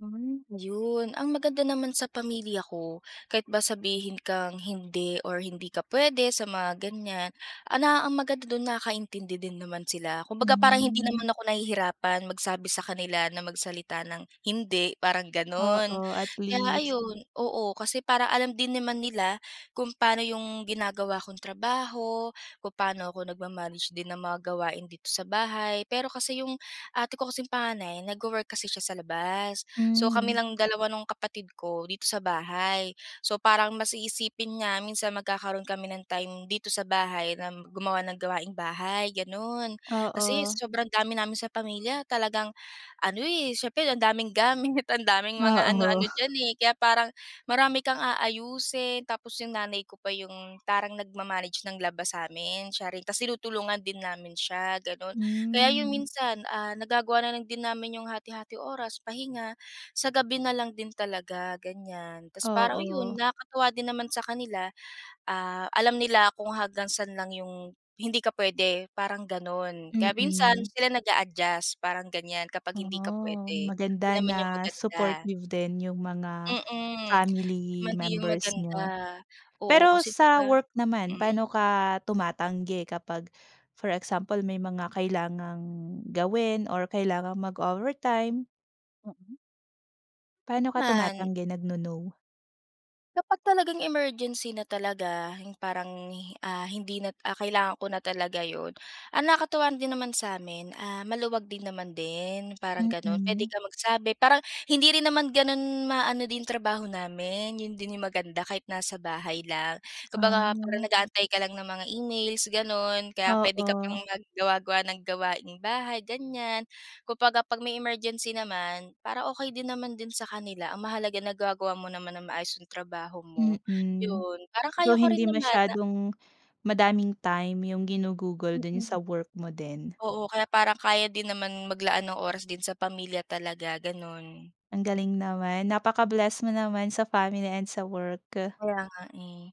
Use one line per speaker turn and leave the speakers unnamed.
Yun yun ang maganda naman sa pamilya ko, kahit ba sabihin kang hindi or hindi ka puwede sa mga ganiyan, ala, ang maganda dun, nakaintindi din naman sila. Kumbaga, parang hindi naman
Hmm.
ako nahihirapan magsabi sa kanila, na magsalita ng hindi, parang ganun.
Oo, at
Kaya
least.
ayun, oo, kasi parang alam din naman nila kung pa'no yung ginagawa kong trabaho, kung paano ako nagma-manage din ng mga gawain dito sa bahay. Pero kasi yung ate ko kasing panganay, nagwo-work kasi siya sa labas, so kami
Hmm.
lang dalawa nung kapatid ko dito sa bahay. So, parang mas iisipin nga minsan, na magkakaroon kami ng time dito sa bahay na gumawa ng gawaing bahay, ganun. Kasi
Oo.
sobrang dami namin sa pamilya, talagang ano, eh, siyempre ang daming gamit, ang daming mga
Oo.
ano-ano diyan, eh. Kaya parang marami kang aayusin, tapos yung nanay ko pa yung parang nagma-manage ng laba sa'min, siya rin. Ta's tinutulungan din namin siya gano'n. Kaya yun,
Hmm.
minsan, ah, nagagawa na lang din namin yung hati-hati oras, pahinga sa gabi na lang din talaga, ganiyan. Ta's parang yun,
Oo.
nakakatuwa din naman sa kanila, ah, alam nila kung hanggang sa'n lang yung hindi ka puwede, parang gano'n. Kaya minsan,
Mm.
sila nag-a-adjust parang ganiyan kapag hindi ka
Ah,
puwede, yun
maganda
naman yung
na
maganda.
supportive din yung mga
Mm, yun din
family
naman yung
members
maganda.
niyo.
Oo,
Pero
kasi 'di
sa
ba,
work naman,
hmm.
pa'no ka tumatanggi kapag for example may mga kailangang gawin or kailangang mag-overtime?
Mm.
Pa'no ka
Man
tumatanggi, nag-no-no?
Kapag talagang emergency na talaga, yung parang, hi ah, hindi na ah, kailangan ko na talaga yun, ang nakakatuwa din naman sa'min, ah, maluwag din naman din, parang ganun. Puwede
Mm.
kang magsabi, parang hindi rin naman ganun maano din trabaho namin, yun din yung maganda, kahit nasa bahay lang. Kumbaga parang
Ah.
nag-aantay ka lang ng mga emails, gano'n. Kaya puwede ka pang
Oo.
maggawa-gawa ng gawaing bahay, ganiyan. Kumbaga 'pag may emergency naman, para okey din naman din sa kanila. Ang mahalaga nagagawa mo naman ng maayos yung trabaho mo,
Mm.
yun. Parang
So,
kaya ko rin
hindi
naman na
masyadong madaming time yung ginugugol
Mm.
dun sa work mo din.
Oo, kaya parang kaya din naman maglaan ng oras din sa pamilya talaga, gano'n.
Ang galing naman, napaka-bless mo naman sa family and sa work.
Kaya nga, eh.